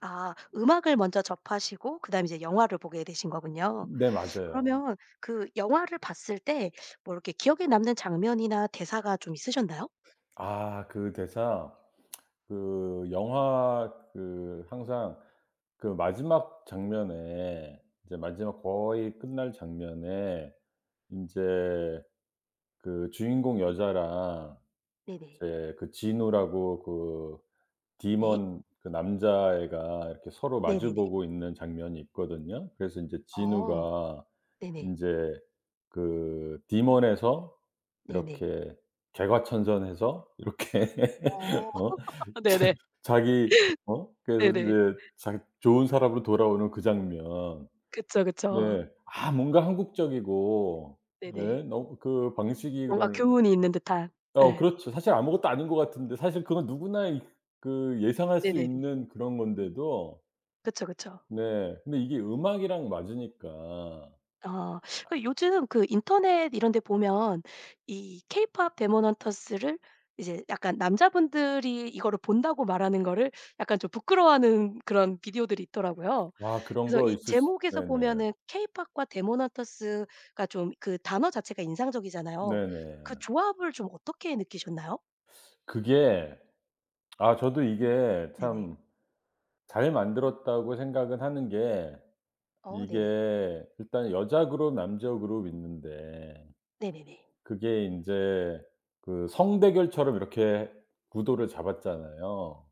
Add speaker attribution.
Speaker 1: 아. 음악을 먼저 접하시고 그다음에 이제 영화를 보게 되신 거군요?
Speaker 2: 네. 맞아요.
Speaker 1: 그러면 그 영화를 봤을 때 뭐 이렇게 기억에 남는 장면이나 대사가 좀 있으셨나요?
Speaker 2: 아 그 대사? 그 영화 그 항상 그 마지막 장면에 이제 마지막 거의 끝날 장면에 인제 그 주인공 여자랑
Speaker 1: 네네.
Speaker 2: 이제 그 진우라고 그
Speaker 1: 네.
Speaker 2: Demon 그 남자애가 이렇게 서로 마주
Speaker 1: 네네네.
Speaker 2: 보고 있는 장면이 있거든요. 그래서 인제
Speaker 1: 아.
Speaker 2: 진우가
Speaker 1: 네네.
Speaker 2: 인제 그 Demon에서
Speaker 1: 네네.
Speaker 2: 이렇게 개과천선해서 이렇게
Speaker 1: 어
Speaker 2: 어 자
Speaker 1: 네네.
Speaker 2: 자기 어 그래서
Speaker 1: 네네.
Speaker 2: 이제 자기 좋은 사람으로 돌아오는 그 장면.
Speaker 1: 그쵸, 그쵸.
Speaker 2: 네. 아 뭔가 한국적이고
Speaker 1: 네 네.
Speaker 2: 예 너 그 방식이
Speaker 1: 뭔가
Speaker 2: 그런
Speaker 1: 교훈이 있는 듯한.
Speaker 2: 어
Speaker 1: 예.
Speaker 2: 그렇죠. 사실 아무것도 아닌 것 같은데 사실 그건 누구나 이 그 예상할 수
Speaker 1: 네네네.
Speaker 2: 있는 그런 건데도
Speaker 1: 그쵸. 그쵸.
Speaker 2: 네 근데 이게 음악이랑 맞으니까.
Speaker 1: 아. 그 요즘 그 인터넷 이런 데 보면 이 케이팝 데몬 헌터스를 이제 약간 남자분들이 이거를 본다고 말하는 거를 약간 좀 부끄러워하는 그런 비디오들이 있더라고요.
Speaker 2: 아 그런
Speaker 1: 그래서
Speaker 2: 거
Speaker 1: 이
Speaker 2: 있을 수
Speaker 1: 제목에서
Speaker 2: 네네.
Speaker 1: 보면은 케이팝과 데몬 헌터스가 좀 그 단어 자체가 인상적이잖아요. 그
Speaker 2: 네네.
Speaker 1: 조합을 좀 어떻게 느끼셨나요?
Speaker 2: 그게 아 저도 이게
Speaker 1: 네네.
Speaker 2: 참 잘 만들었다고 생각은 하는 게
Speaker 1: 어 네네.
Speaker 2: 이게 일단 여자 그룹, 남자 그룹 있는데
Speaker 1: 네네네.
Speaker 2: 그게 인제 그 성 대결처럼 이렇게 구도를 잡았잖아요?